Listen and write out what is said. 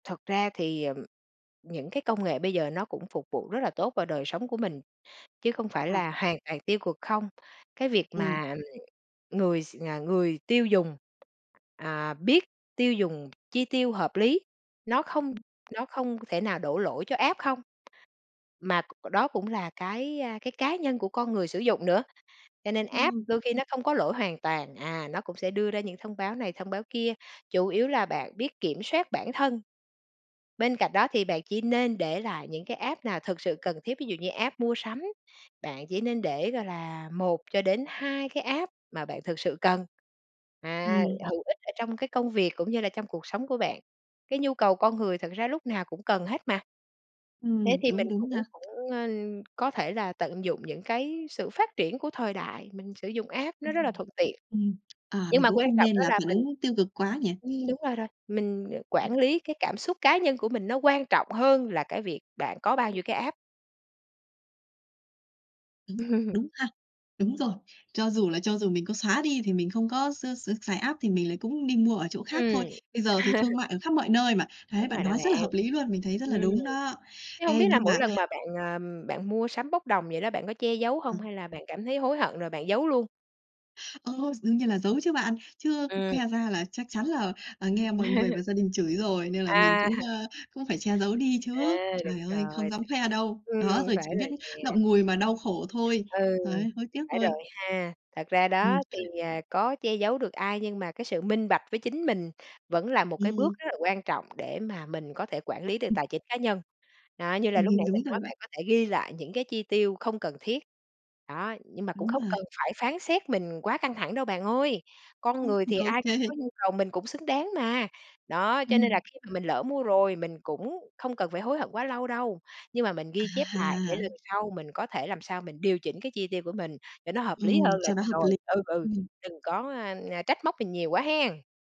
Thật ra thì, ờ, những cái công nghệ bây giờ nó cũng phục vụ rất là tốt vào đời sống của mình, chứ không phải À. là hoàn toàn tiêu cực không. Cái việc Ừm. mà, ừm, người s à, người tiêu dùng, à, biết tiêu dùng chi tiêu hợp lý, nó không Ừm. nó không thể nào đổ lỗi cho app không, mà c đó cũng là cái, à, cái cá nhân của con người sử dụng nữa. Cho nên app Ừm. đôi khi nó không có lỗi hoàn toàn. À, nó cũng sẽ đưa ra những thông báo này, thông báo kia, chủ yếu là bạn biết kiểm soát bản thân. Bên cạnh đó thì bạn chỉ nên để lại những cái app nào thực sự cần thiết. Ví dụ như app mua sắm, bạn chỉ nên để, gọi là, 1 cho đến 2 cái app mà bạn thực sự cần, à, Ừm. hữu ích ở trong cái công việc cũng như là trong cuộc sống của bạn. Cái nhu cầu con người thật ra lúc nào cũng cần hết mà. Thế Ừm, thì đúng, mình đúng cũng nha. cũng, ờ, có thể là tận dụng những cái sự phát triển của thời đại, mình sử dụng app nó rất là Ừm, thuận tiện. ừm. À, Nhưng mình mà cũng quan không trọng nên đó là là phản mình ứng tiêu cực quá nhỉ. Ừm, đúng rồi rồi, mình, ờ, Ừm. quản lý cái cảm xúc cá nhân của mình nó quan trọng hơn là cái việc bạn có bao nhiêu cái app. Đúng, đúng ha. Đúng rồi. Cho dù là cho dù mình có xóa đi thì mình không có x x xài app thì mình lại cũng đi mua ở chỗ khác thôi. Ừm. Bây giờ thì thương mại ở khắp mọi nơi mà. Thấy Đúng bạn rồi đó nói bạn. rất là hợp lý luôn, mình thấy rất là Ừm, đúng đó. chứ hông Ê, biết là nhưng mỗi mà lần mà bạn, à, bạn mua sắm bốc đồng vậy đó bạn có che giấu Ừm. hông, hay là bạn cảm thấy hối hận rồi bạn giấu luôn? Ơ, đương nhiên là giấu chứ bạn. Chứ Ừm. khoe ra là chắc chắn là, ờ, nghe mọi người và gia đình chửi rồi, nên là mình À. cũng, ơ, cũng phải che giấu đi chứ. À, Trời đúng ơi, không rồi. dám khoe đâu. Ừm, Đó, rồi phải chỉ biết rồi nè. ngậm ngùi mà đau khổ thôi. Ừ, Đấy, hối tiếc phải thôi. rồi ha. Thật ra Ừm. đó, thì, à, có che giấu được ai nhưng mà cái sự minh bạch với chính mình vẫn là một cái bước Ừm. rất là quan trọng để mà mình có thể quản lý được Ừm. tài chính cá nhân. Đó, như là Ừm lúc hưm, nãy mình đúng rồi nói, bạn. bạn có thể ghi lại những cái chi tiêu không cần thiết, đó. Nhưng mà cũng Đúng không rồi. cần phải phán xét mình quá căng thẳng đâu bạn ơi. Con Ưm. người thì Ô ai cũng kê. có nhu cầu, mình cũng xứng đáng mà. Đó, cho nên là Ừm. khi mà mình lỡ mua rồi mình cũng không cần phải hối hận quá lâu đâu, nhưng mà mình ghi chép lại để À! lần sau mình có thể làm sao mình điều chỉnh cái chi tiêu của mình để nó hợp lý Ừm, hơn là cho nó được hợp rồi. lý. Ừ, ừ, Ừm. đừng có, à, à, trách móc mình nhiều quá hén.